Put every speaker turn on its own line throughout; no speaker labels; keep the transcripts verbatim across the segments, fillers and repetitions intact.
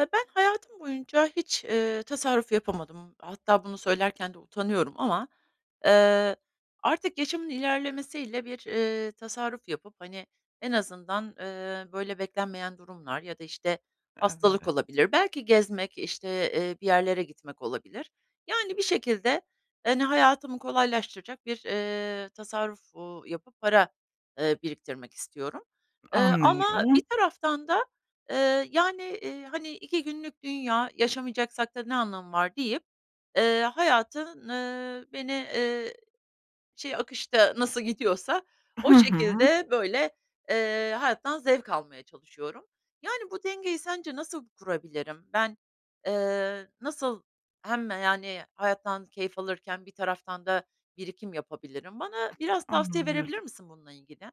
Eee, ben hayatım boyunca hiç, eee, tasarruf yapamadım. Hatta bunu söylerken de utanıyorum ama. Eee, artık yaşımın ilerlemesiyle bir, eee, tasarruf yapıp, hani, en azından, eee, böyle, beklenmeyen durumlar ya da, işte, hastalık
Evet.
olabilir. Belki gezmek, işte, eee, bir yerlere gitmek olabilir. Yani, bir şekilde, hani, hayatımı kolaylaştıracak bir, eee, tasarruf, uuu, yapıp para, ııı, biriktirmek istiyorum. Eee, ama
Anlıyorum.
bir taraftan da, eee, yani, iii, hani, iki günlük dünya, yaşamayacaksak da ne anlamı var deyip, eee, hayatın, ııı, beni, ııı, şey, akışta nasıl gidiyorsa o
Ha ha.
şekilde, böyle, eee, hayattan zevk almaya çalışıyorum. Yani, bu dengeyi sence nasıl kurabilirim? Ben, eee, nasıl hem, yani, hayattan keyif alırken bir taraftan da birikim yapabilirim? Bana biraz tavsiye
Anlıyorum.
verebilir misin bununla ilgili?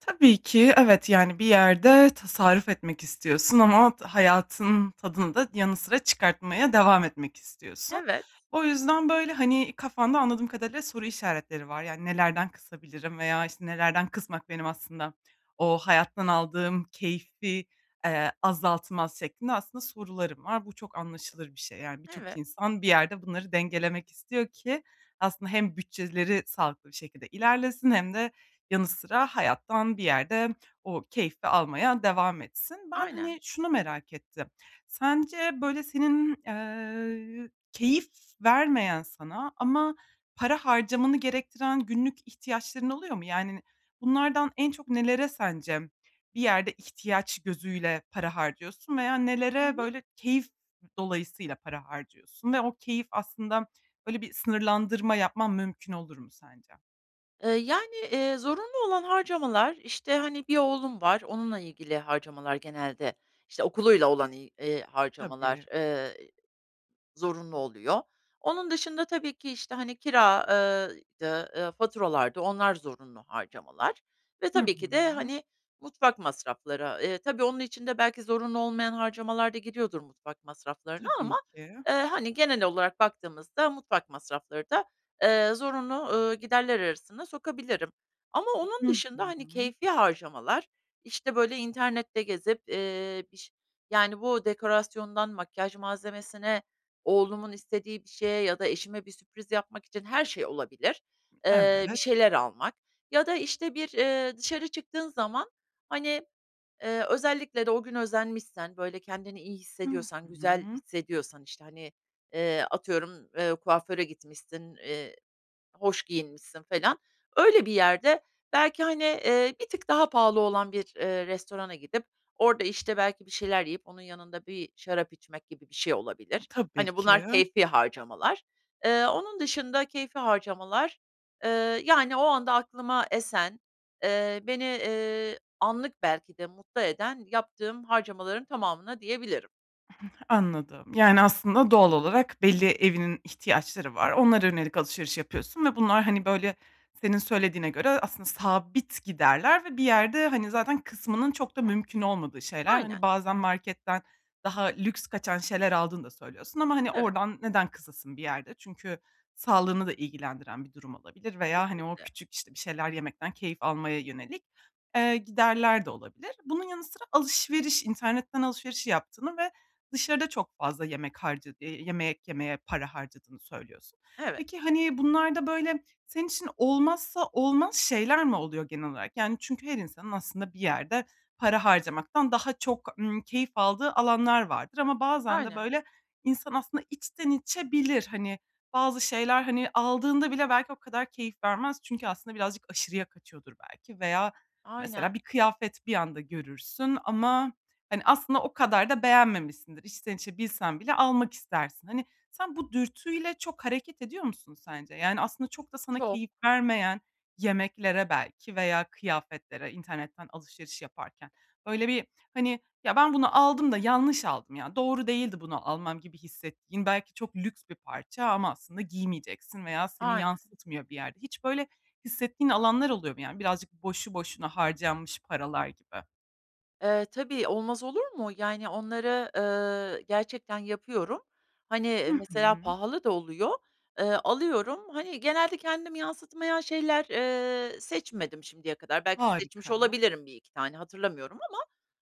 Tabii ki, evet, yani, bir yerde tasarruf etmek istiyorsun ama hayatın tadını da yanı sıra çıkartmaya devam etmek istiyorsun.
Evet.
O yüzden, böyle, hani, kafanda anladığım kadarıyla soru işaretleri var. Yani, nelerden kısabilirim veya, işte, nelerden kısmak benim aslında o hayattan aldığım keyfi, eee, azaltmaz şeklinde aslında soruların var. Bu çok anlaşılır bir şey. Yani, birçok
Evet.
insan bir yerde bunları dengelemek istiyor ki aslında hem bütçeleri sağlıklı bir şekilde ilerlesin hem de yanı sıra hayattan bir yerde o keyfi almaya devam etsin. Ben, hani,
Aynen.
şunu merak ettim. Sence, böyle, senin, eee, keyif vermeyen sana ama para harcamanı gerektiren günlük ihtiyaçların oluyor mu? Yani, bunlardan en çok nelere sence bir yerde ihtiyaç gözüyle para harcıyorsun veya
Hı
nelere,
hı.
böyle, keyif dolayısıyla para harcıyorsun? Ve o keyif aslında, böyle, bir sınırlandırma yapman mümkün olur mu sence?
Iıı, yani, eee, zorunlu olan harcamalar, işte, hani, bir oğlum var, onunla ilgili harcamalar genelde. İşte, okuluyla olan, il harcamalar,
Tabii.
ııı, zorunlu oluyor. Onun dışında tabii ki, işte, hani, kira ııı, dı, eee, faturalardı onlar zorunlu harcamalar. Ve
Hı
tabii ki de,
hı.
hani, mutfak masrafları. Iıı, tabii, onun için de belki zorunlu olmayan harcamalar da gidiyordur mutfak masraflarına
Tabii
ama,
ki.
ııı, hani, genel olarak baktığımızda mutfak masrafları da, ııı, zorunlu, ııı, giderler arasına sokabilirim. Ama
Hı
onun dışında, hani,
hı.
keyfî harcamalar, işte, böyle, internette gezip, iii, biş yani, bu dekorasyondan, makyaj malzemesine, oğlumun istediği bir şeye ya da eşime bir sürpriz yapmak için her şey olabilir, ııı, bir
Evet.
şeyler almak ya da, işte, bir, iii, dışarı çıktığın zaman, hani, ııı, özellikle de o gün özenmişsen, böyle, kendini iyi
Hı
hissediyorsan, güzel
hı.
hissediyorsan, işte, hani, eee, atıyorum, kuaföre gitmişsin, eee, hoş giyinmişsin felan. Öyle bir yerde belki, hani, iii, bir tık daha pahalı olan bir, ııı, restorana gidip orada, işte, belki bir şeyler yiyip, onun yanında bir şarap içmek gibi bir şey olabilir.
Tabii
Hani,
ki.
bunlar keyfî harcamalar. Iıı, onun dışında, keyfî harcamalar, ııı, yani, o anda aklıma esen, ııı, beni, iii, anlık belki de mutlu eden yaptığım harcamaların tamamına diyebilirim.
[unintelligible] Anladım. Yani aslında doğal olarak belli evinin ihtiyaçları var. Onlara yönelik alışveriş yapıyorsun ve bunlar, hani, böyle, senin söylediğine göre, aslında sabit giderler ve bir yerde, hani, kısmanın zaten çok da mümkün olmadığı şeyler.
Aynen.
Hani, bazen marketten daha lüks kaçan şeyler aldığını da söylüyorsun ama, hani,
Evet.
oradan neden kısasın bir yerde? Çünkü sağlığını da ilgilendiren bir durum olabilir veya, hani, o
Kesinlikle.
küçük, işte, bir şeyler yemekten keyif almaya yönelik, eee, giderler de olabilir. Bunun yanı sıra alışveriş internetten alışveriş yaptığını ve dışarıda çok fazla yemek harca eee, yemek yemeye para harcadığını söylüyorsun.
Evet.
Peki, hani, bunlarda böyle senin için olmazsa olmaz şeyler mi oluyor genel olarak? Yani çünkü her insanın aslında bir yerde para harcamaktan daha çok, ımm, keyif aldığı alanlar vardır ama bazen de
Aynen.
böyle insan aslında içten içe bilir, hani, bazı şeyler hani aldığında bile belki o kadar keyif vermez çünkü aslında birazcık aşırıya kaçıyordur belki veya
Aynen.
mesela bir kıyafet bir anda görürsün ama, hani, aslında o kadar da beğenmemişsindir. İçten içe bilsen bile almak istersin. Hani, sen bu dürtüyle çok hareket ediyor musun sence? Yani aslında çok da sana
Çok.
keyif vermeyen yemeklere belki veya kıyafetlere, internetten alışveriş yaparken böyle bir, hani, "Ya, ben bunu aldım da yanlış aldım. Ya, doğru değildi bunu almam." gibi hissettiğin belki çok lüks bir parça ama aslında giymeyeceksin veya seni
Aynen.
yansıtmıyor bir yerde. Hiç böyle hissettiğin alanlar oluyor mu? Yani birazcık boşu boşuna harcanmış paralar gibi.
Eee, tabii, olmaz olur mu? Yani, onları, eee, gerçekten yapıyorum.
Hı
Hani, mesela
hı.
pahalı da oluyor, eee, alıyorum. Hani, genelde kendimi yansıtmayan şeyler, eee, seçmedim şimdiye kadar. Belki seçmiş
Harika.
olabilirim bir iki tane, hatırlamıyorum ama,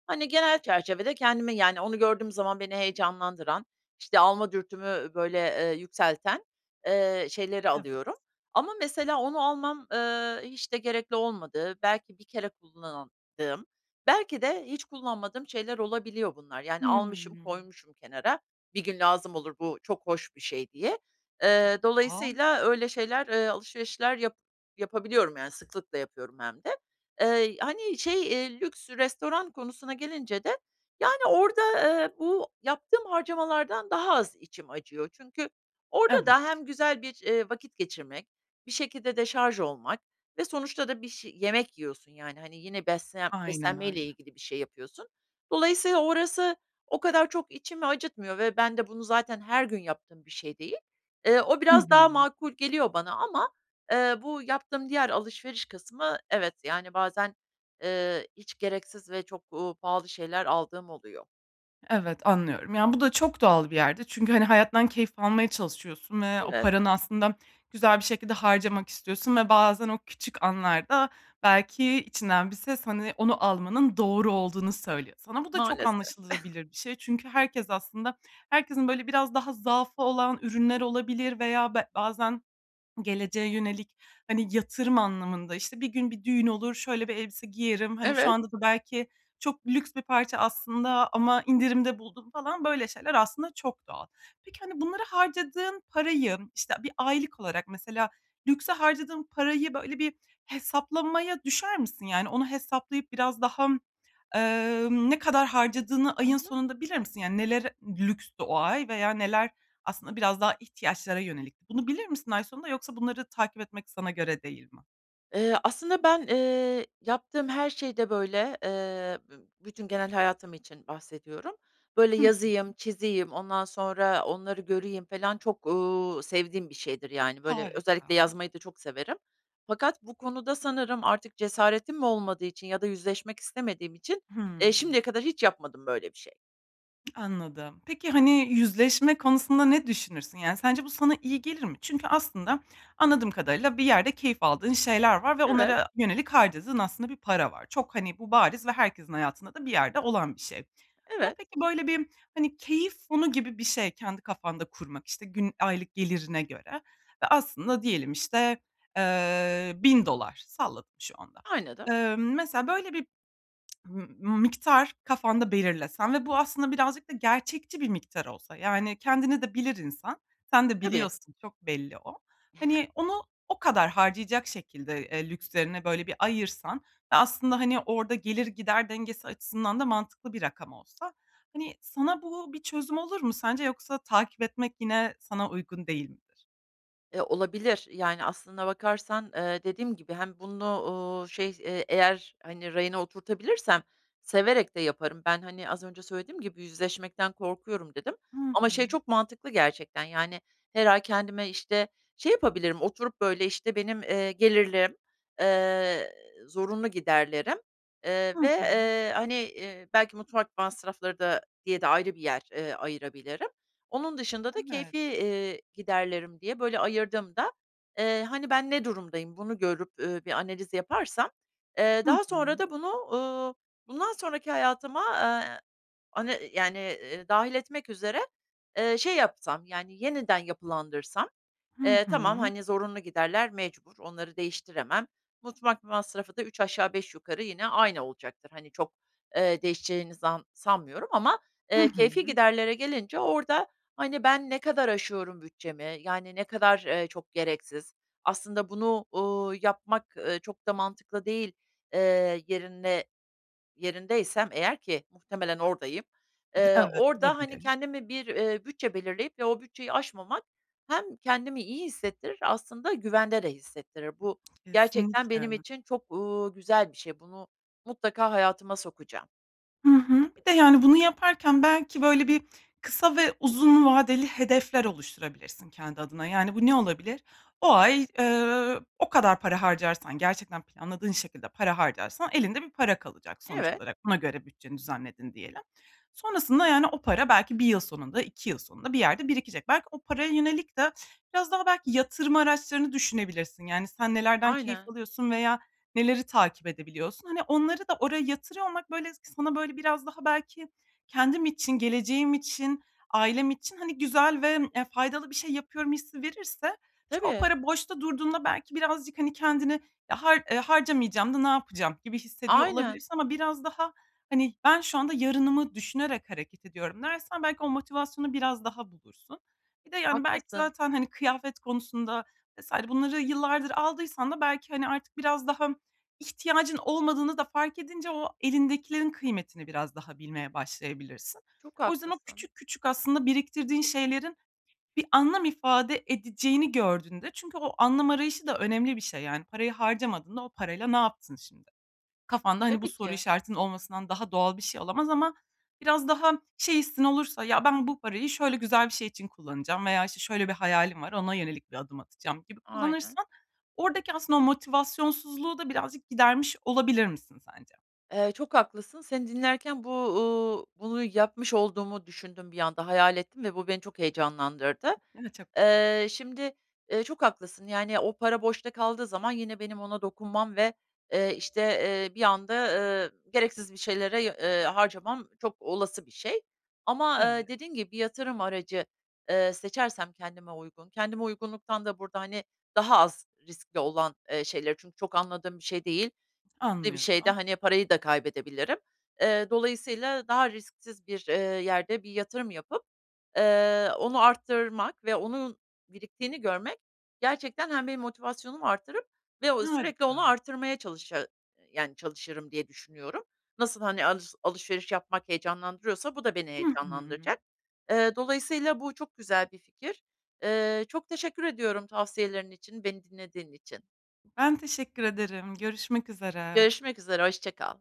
hani, genel çerçevede kendimi, yani, onu gördüğüm zaman beni heyecanlandıran, işte, alma dürtümü böyle, eee, yükselten, eee, şeyleri
Evet.
alıyorum ama mesela onu almam, eee, hiç de gerekli olmadığı, belki bir kere kullandığım, belki de hiç kullanmadığım şeyler olabiliyor bunlar. Yani, almışım,
Hıı.
koymuşum kenara, bir gün lazım olur bu çok hoş bir şey diye. Eee,
[unintelligible]
dolayısıyla öyle şeyler, eee, alışverişler yap yapabiliyorum, yani, sıklıkla yapıyorum hem de. Eee, hani şey, eee, lüks restoran konusuna gelince de, yani, orada, eee, bu yaptığım harcamalardan daha az içim acıyor. Çünkü orada
Evet.
da hem güzel bir, eee, vakit geçirmek, bir şekilde deşarj olmak ve sonuçta da bir şey, yemek yiyorsun, yani, hani, yine beslen
Aynen
beslenmeyle
öyle.
ilgili bir şey yapıyorsun. Dolayısıyla orası o kadar çok içimi acıtmıyor ve ben de bunu zaten her gün yaptığım bir şey değil. Eee, o
Hı
biraz daha
hı.
makul geliyor bana ama, eee, bu yaptığım diğer alışveriş kısmı evet, yani, bazen, eee, hiç gereksiz ve çok, uuu, pahalı şeyler aldığım oluyor.
Evet, anlıyorum. Yani, bu da çok doğal bir yerde çünkü, hani, hayattan keyif almaya çalışıyorsun ve o
Evet.
paranı aslında güzel bir şekilde harcamak istiyorsun ve bazen o küçük anlarda belki içinden bir ses, hani, onu almanın doğru olduğunu söylüyor sana. Bu da çok
Maalesef.
anlaşılabilir bir şey çünkü herkes aslında herkesin, böyle, biraz daha zaafı olan ürünler olabilir veya be bazen geleceğe yönelik, hani, yatırım anlamında, işte, bir gün bir düğün olur, "Şöyle bir elbise giyerim, hani, şu
Evet.
anda da belki çok lüks bir parça aslında ama indirimde buldum." falan böyle şeyler aslında çok doğal. Peki, hani, bunlara harcadığın parayı, işte, bir aylık olarak mesela, lükse harcadığın parayı, böyle, bir hesaplamaya düşer misin? Yani, onu hesaplayıp biraz daha, eee, ne kadar harcadığını
Hı
ayın
hı.
sonunda bilir misin? Yani, nelere lükstü o ay veya neler aslında biraz daha ihtiyaçlara yönelikti? Bunu bilir misin ay sonunda yoksa bunları takip etmek sana göre değil mi?
Eee, aslında ben, eee, yaptığım her şeyde, böyle, eee, bü bütün genel hayatım için bahsediyorum. Böyle,
Hı
yazayım,
hı.
çizeyim, ondan sonra onları göreyim falan çok, uuu, sevdiğim bir şeydir, yani, böyle, özellikle
Harika.
yazmayı da çok severim fakat bu konuda sanırım artık cesaretim mi olmadığı için ya da yüzleşmek istemediğim için, eee,
Hımm.
şimdiye kadar hiç yapmadım böyle bir şey.
Anladım. Peki, hani yüzleşme konusunda ne düşünürsün? Yani sence bu sana iyi gelir mi? Çünkü aslında anladığım kadarıyla bir yerde keyif aldığın şeyler var ve
Evet.
onlara yönelik harcadığın aslında bir para var. Çok hani bu bariz ve herkesin hayatında da bir yerde olan bir şey. Buna
Evet.
peki böyle bir hani keyif fonu gibi bir şey kendi kafanda kurmak, işte, gün, aylık gelirine göre ve aslında diyelim işte, eee bin dolar salladım şu anda.
Aynadım.
Eee, mesela böyle bir m m miktar kafanda belirlesen ve bu aslında birazcık da gerçekçi bir miktar olsa, yani, kendini de bilir insan, sen de
Tabii.
biliyorsun, çok belli o, hani onu o kadar harcayacak şekilde, eee, lükslerine böyle bir ayırsan ve aslında hani orada gelir-gider dengesi açısından da mantıklı bir rakam olsa hani, sana bu bir çözüm olur mu sence, yoksa takip etmek yine sana uygun değil midir?
Eee, olabilir. Yani aslında bakarsan, eee, dediğim gibi hem bunu, uuu, şey, eee, eğer, hani, rayına oturtabilirsem severek de yaparım. Ben, hani, az önce söylediğim gibi yüzleşmekten korkuyorum, dedim
Hı
ama şey
hı.
çok mantıklı gerçekten, yani, her ay kendime, işte, şey yapabilirim, oturup böyle, işte, benim, eee, gelirlerim, eee, zorunlu giderlerim, eee,
Hı
ve,
hı.
eee, hani, iii, belki mutfak masrafları da diye de ayrı bir yer, eee, ayırabilirim. Onun dışında da
Evet.
keyfî, iii, giderlerim diye böyle ayırdığımda, eee, hani ben ne durumdayım bunu görüp, uuu, bir analiz yaparsam, eee,
Hı
daha
hı.
sonra da bunu, uuu, bundan sonraki hayatıma, aaa, hani, yani, iii, dâhil etmek üzere, eee, şey yapsam, yani, yeniden yapılandırsam,
Hı
eee, tamam,
hı.
hani, zorunlu giderler mecbur, onları değiştiremem. Mutfak masrafı da üç aşağı beş yukarı yine aynı olacaktır. Hani çok, eee, değişeceğinizi zan sanmıyorum ama,
Hı
eee, keyfî
hı.
giderlere gelince orada, hani, ben ne kadar aşıyorum bütçemi, yani ne kadar, eee, çok gereksiz, aslında bunu, uuu, yapmak, eee, çok da mantıklı değil, eee, yerine, yerindeysem eğer ki muhtemelen oradayım, eee,
Evet,
orada hani
olabilir.
kendime bir, iii, bütçe belirleyip ve o bütçeyi aşmamak hem kendimi iyi hissettirir, aslında güvende de hissettirir. Bu gerçekten benim
Kesinlikle.
için çok, uuu, güzel bir şey. Bunu mutlaka hayatıma sokacağım.
Hı hı. Bir de, yani, bunu yaparken belki böyle bir kısa ve uzun vadeli hedefler oluşturabilirsin kendi adına, yani, bu ne olabilir? O ay, eee, o kadar para harcarsan, gerçekten planladığın şekilde para harcarsan elinde bir para kalacak sonuç
Evet.
olarak. Buna göre bütçeni düzenledin diyelim. Sonrasında yani o para belki bir yıl sonunda, iki yıl sonunda bir yerde birikecek. Belki o paraya yönelik de biraz daha belki yatırım araçlarını düşünebilirsin. Yani, sen nelerden keyif
Aynen.
alıyorsun veya neleri takip edebiliyorsun? Hani, onları da oraya yatırıyor olmak, böyle, s sana, böyle, biraz daha belki kendim için, geleceğim için, ailem için, hani, güzel ve, eee, faydalı bir şey yapıyorum hissi verirse çü o
Tabii.
para boşta durduğunda belki birazcık, hani, kendine, "E, har e, harcamayacağım da ne yapacağım?" gibi hissediyor
Aynen.
olabilirsin ama biraz daha, hani, "Ben şu anda yarınımı düşünerek hareket ediyorum." dersen belki o motivasyonu biraz daha bulursun. Bir de, yani, belki
Haklısın.
zaten, hani, kıyafet konusunda vs. bunları yıllardır aldıysan da belki, hani, artık biraz daha ihtiyacın olmadığını da fark edince o elindekilerin kıymetini biraz daha bilmeye başlayabilirsin.
Çok
O yüzden o
haklısın.
küçük küçük aslında biriktirdiğin şeylerin bir anlam ifade edeceğini gördüğünde çünkü o anlam arayışı da önemli bir şey yani parayı harcamadığında o parayla ne yaptın şimdi? Kafanda, hani, bu
Tabii
soru
ki.
işaretinin olmasından daha doğal bir şey olamaz ama biraz daha şey hissin olursa, "Ya, ben bu parayı şöyle güzel bir şey için kullanacağım veya işte şöyle bir hayalim var, ona yönelik bir adım atacağım." gibi
Aynen.
kullanırsan oradaki aslında o motivasyonsuzluğu da birazcık gidermiş olabilir misin sence?
Eee, çok haklısın. Seni dinlerken bu, uuu, bunu yapmış olduğumu düşündüm bir anda, hayal ettim ve bu beni çok heyecanlandırdı.
Evet, çok güzel.
Eee, şimdi, eee, çok haklısın, yani, o para boşta kaldığı zaman yine benim ona dokunmam ve, eee, işte, eee, bir anda, ııı, gereksiz bir şeylere, eee, harcamam çok olası bir şey. Ama,
Evet.
eee, dediğin gibi bir yatırım aracı, eee, seçersem kendime uygun, kendime uygunluktan da burada, hani, daha az riskli olan, eee, şeyleri çünkü çok anladığım bir şey değil, de bir şeyde,
Anlıyorum.
hani, parayı da kaybedebilirim. Eee, dolayısıyla daha risksiz bir, eee, yerde bir yatırım yapıp, eee, onu arttırmak ve onun biriktiğini görmek gerçekten hem benim motivasyonumu arttırıp ve o sürekli onu
Harika.
arttırmaya çalışa yani, çalışırım diye düşünüyorum. Nasıl, hani, alış alışveriş yapmak heyecanlandırıyorsa bu da beni
Hı hı.
heyecanlandıracak. Eee, dolayısıyla bu çok güzel bir fikir. Eee, çok teşekkür ediyorum tavsiyelerin için, beni dinlediğin için.
Ben teşekkür ederim. Görüşmek üzere.
Görüşmek üzere. Hoşça kal.